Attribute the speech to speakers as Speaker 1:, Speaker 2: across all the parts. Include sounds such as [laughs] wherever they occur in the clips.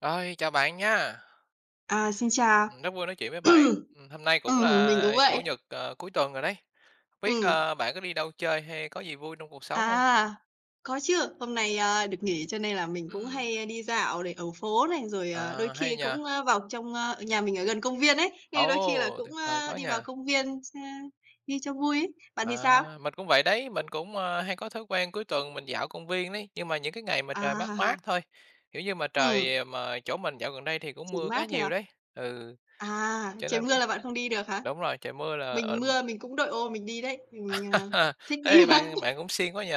Speaker 1: Rồi, chào bạn nha.
Speaker 2: À, xin chào.
Speaker 1: Ừm, rất vui nói chuyện với bạn,
Speaker 2: [clears throat]
Speaker 1: ừm, hôm nay cũng
Speaker 2: Ừm, mình
Speaker 1: là
Speaker 2: cũng
Speaker 1: Chủ
Speaker 2: vậy.
Speaker 1: nhật, ờ, cuối tuần rồi đấy. Hông biết,
Speaker 2: Ừm.
Speaker 1: ơ, bạn có đi đâu chơi hay có gì vui trong cuộc sống hông?
Speaker 2: À, có chứ, hôm nay, a, được nghỉ cho nên là mình cũng
Speaker 1: Ừm.
Speaker 2: hay, ơ, đi dạo này ở phố này, rồi, ờ, đôi
Speaker 1: À, hay
Speaker 2: khi
Speaker 1: nhỉ?
Speaker 2: cũng, a, vào trong, ơ nhà mình ở gần công viên ấy, nên đôi khi là
Speaker 1: Ồ,
Speaker 2: cũng,
Speaker 1: tuyệt vời
Speaker 2: ơ,
Speaker 1: quá
Speaker 2: đi
Speaker 1: nhỉ.
Speaker 2: vào công viên s ơ, đi cho vui ấy. Bạn thì
Speaker 1: À,
Speaker 2: sao?
Speaker 1: mình cũng vậy đấy, mình cũng, a, hay có thói quen cuối tuần mình dạo công viên đấy, nhưng mà những cái ngày mà trời mát mát
Speaker 2: À.
Speaker 1: thôi, kiểu nhưng mà
Speaker 2: Ừm.
Speaker 1: trời mà chỗ mình dạo gần đây thì cũng
Speaker 2: Chỉ
Speaker 1: mưa khá
Speaker 2: mát thôi
Speaker 1: nhiều
Speaker 2: à?
Speaker 1: đấy. Ừ,
Speaker 2: À,
Speaker 1: cho
Speaker 2: trời
Speaker 1: nên
Speaker 2: mưa
Speaker 1: cũng
Speaker 2: là bạn không đi được hả?
Speaker 1: đúng rồi, trời mưa là
Speaker 2: Mình
Speaker 1: ờm.
Speaker 2: mưa mình cũng đội ô mình đi đấy, mình, à,
Speaker 1: [laughs]
Speaker 2: thích đi
Speaker 1: Ê,
Speaker 2: mà.
Speaker 1: bạn bạn cũng siêng quá nhỉ,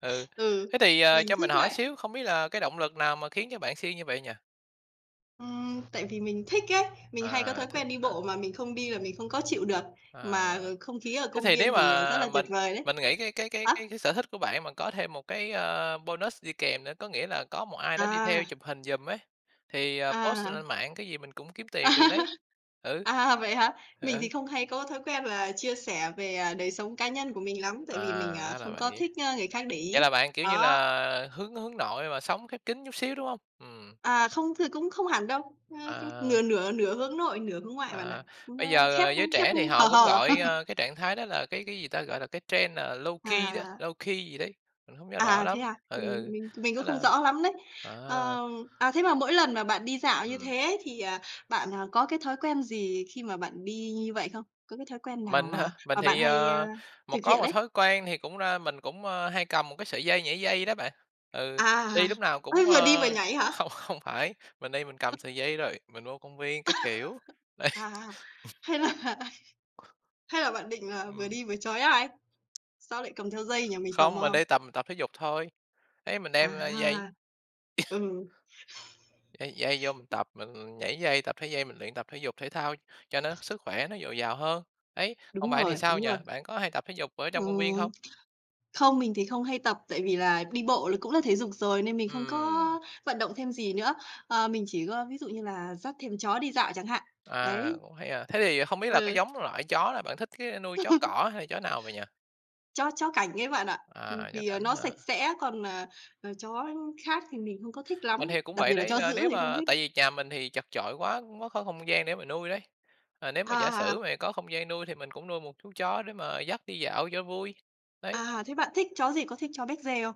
Speaker 1: ừ.
Speaker 2: Ừ,
Speaker 1: Thế thì, ờ,
Speaker 2: mình
Speaker 1: cho mình
Speaker 2: thích
Speaker 1: hỏi
Speaker 2: lạnh.
Speaker 1: xíu, không biết là cái động lực nào mà khiến cho bạn siêng như vậy nhỉ?
Speaker 2: Ừm, tại vì mình thích ấy, mình hay có
Speaker 1: À,
Speaker 2: thói
Speaker 1: thích
Speaker 2: quen đi
Speaker 1: hả?
Speaker 2: bộ mà mình không đi là mình không có chịu được,
Speaker 1: À,
Speaker 2: mà không khí ở
Speaker 1: thế
Speaker 2: công
Speaker 1: thì
Speaker 2: viên
Speaker 1: nếu
Speaker 2: thì, ờ, rất
Speaker 1: mà
Speaker 2: là tuyệt
Speaker 1: mình
Speaker 2: vời đấy.
Speaker 1: mình nghĩ cái cái cái
Speaker 2: Hả?
Speaker 1: cái cái sở thích của bạn mà có thêm một cái, a, bonus đi kèm nữa, có nghĩa là có một ai đó đi theo
Speaker 2: À.
Speaker 1: chụp hình giùm ấy thì, à, post
Speaker 2: À.
Speaker 1: lên mạng cái gì mình cũng kiếm tiền
Speaker 2: À,
Speaker 1: được đấy, ừ.
Speaker 2: à, vậy hả?
Speaker 1: Ừ,
Speaker 2: Mình thì
Speaker 1: ừ.
Speaker 2: không hay có thói quen và chia sẻ về, ờ, đời sống cá nhân của mình lắm,
Speaker 1: À,
Speaker 2: tại vì mình, à,
Speaker 1: ra là
Speaker 2: không có
Speaker 1: vậy.
Speaker 2: thích, ơ, người khác để
Speaker 1: Vậy
Speaker 2: ý.
Speaker 1: là bạn, kiểu như
Speaker 2: Đó.
Speaker 1: là, hướng hướng nội mà sống khép kín chút xíu, đúng hông? Ừm.
Speaker 2: À, không, thì cũng không hẳn đâu, ưm,
Speaker 1: À.
Speaker 2: nửa nửa nửa hướng nội, nửa hướng ngoại bạn ạ.
Speaker 1: À, bây
Speaker 2: Nó
Speaker 1: giờ,
Speaker 2: khép
Speaker 1: ờ, giới
Speaker 2: khép
Speaker 1: trẻ thì họ
Speaker 2: hờ
Speaker 1: cũng
Speaker 2: hờ.
Speaker 1: gọi,
Speaker 2: [chuckles]
Speaker 1: a, cái trạng thái đó là cái cái, gì ta, gọi là cái trend, à, low key đó,
Speaker 2: À.
Speaker 1: low key gì đấy, mình hông nhớ rõ
Speaker 2: À, thế
Speaker 1: lắm,
Speaker 2: à?
Speaker 1: ừ,
Speaker 2: Mình
Speaker 1: ừ,
Speaker 2: mình mình
Speaker 1: thế
Speaker 2: cũng không
Speaker 1: là
Speaker 2: rõ lắm đấy.
Speaker 1: à.
Speaker 2: Ờ, à, thế mà mỗi lần mà bạn đi dạo như
Speaker 1: Ừm.
Speaker 2: thế ấy thì, à, bạn, à, có cái thói quen gì khi mà bạn đi như vậy không? Có cái thói quen nào
Speaker 1: Mình hả,
Speaker 2: mà
Speaker 1: mình
Speaker 2: mà bạn
Speaker 1: thì,
Speaker 2: hay,
Speaker 1: ờ,
Speaker 2: a,
Speaker 1: một
Speaker 2: thực
Speaker 1: có
Speaker 2: hiện
Speaker 1: một
Speaker 2: ấy?
Speaker 1: thói quen thì cũng đa mình cũng, a, hay cầm một cái sợi dây nhảy dây đó bạn. Ừ,
Speaker 2: À,
Speaker 1: đi lúc
Speaker 2: [chuckles]
Speaker 1: nào cũng,
Speaker 2: vừa đi vừa
Speaker 1: ơ,
Speaker 2: nhảy hả?
Speaker 1: không không phải, mình đi mình cầm sợi dây rồi, mình vô công viên các kiểu,
Speaker 2: [laughs]
Speaker 1: đây,
Speaker 2: À,
Speaker 1: ừm.
Speaker 2: hay là hay là bạn định, à, vừa
Speaker 1: Ừm.
Speaker 2: đi vừa trói ai? Sao lại cầm theo dây nhỉ? Mình tò
Speaker 1: Không, mình
Speaker 2: mò.
Speaker 1: đi tầm tập thể dục thôi, đấy mình đem, a, dây.
Speaker 2: À,
Speaker 1: [coughs]
Speaker 2: ừ.
Speaker 1: Dây dây vô mình tập, mình nhảy dây, tập thể dây, mình luyện tập thể dục thể thao cho nó sức khỏe nó dồi dào hơn. Đấy, còn
Speaker 2: Đúng
Speaker 1: bạn thì
Speaker 2: rồi,
Speaker 1: sao
Speaker 2: đúng
Speaker 1: nhỉ?
Speaker 2: rồi.
Speaker 1: Bạn có hay tập thể dục ở trong công viên
Speaker 2: Ừm,
Speaker 1: hông?
Speaker 2: không, mình thì không hay tập tại vì là đi bộ là cũng là thể dục rồi nên mình không có
Speaker 1: Ừm.
Speaker 2: vận động thêm gì nữa. Ờ, mình chỉ có ví dụ như là dắt thêm chó đi dạo chẳng hạn,
Speaker 1: À,
Speaker 2: đấy.
Speaker 1: cũng hay, à. Thế thì không biết là cái
Speaker 2: Ừ.
Speaker 1: giống loại chó là bạn thích cái nuôi chó
Speaker 2: [laughs]
Speaker 1: cỏ hay chó nào vậy nhỉ?
Speaker 2: Chó chó cảnh ấy bạn ạ. Ừm,
Speaker 1: À, chó
Speaker 2: vì
Speaker 1: cảnh
Speaker 2: nó
Speaker 1: hả?
Speaker 2: sạch sẽ còn, à, ờ, chó khác thì mình không có thích
Speaker 1: Mình
Speaker 2: lắm,
Speaker 1: thì cũng
Speaker 2: đặc
Speaker 1: vậy
Speaker 2: biệt là
Speaker 1: đấy,
Speaker 2: chó
Speaker 1: là
Speaker 2: dữ
Speaker 1: nếu
Speaker 2: thì không
Speaker 1: mà
Speaker 2: thích.
Speaker 1: tại vì nhà mình thì chật chội quá, không có không không gian để mà nuôi đấy. Ờ, nếu
Speaker 2: À,
Speaker 1: mà giả
Speaker 2: à,
Speaker 1: sử
Speaker 2: à.
Speaker 1: mà có không gian nuôi thì mình cũng nuôi một chú chó để mà dắt đi dạo cho vui, đấy.
Speaker 2: À, thế bạn thích chó gì? Có thích chó Becgie không?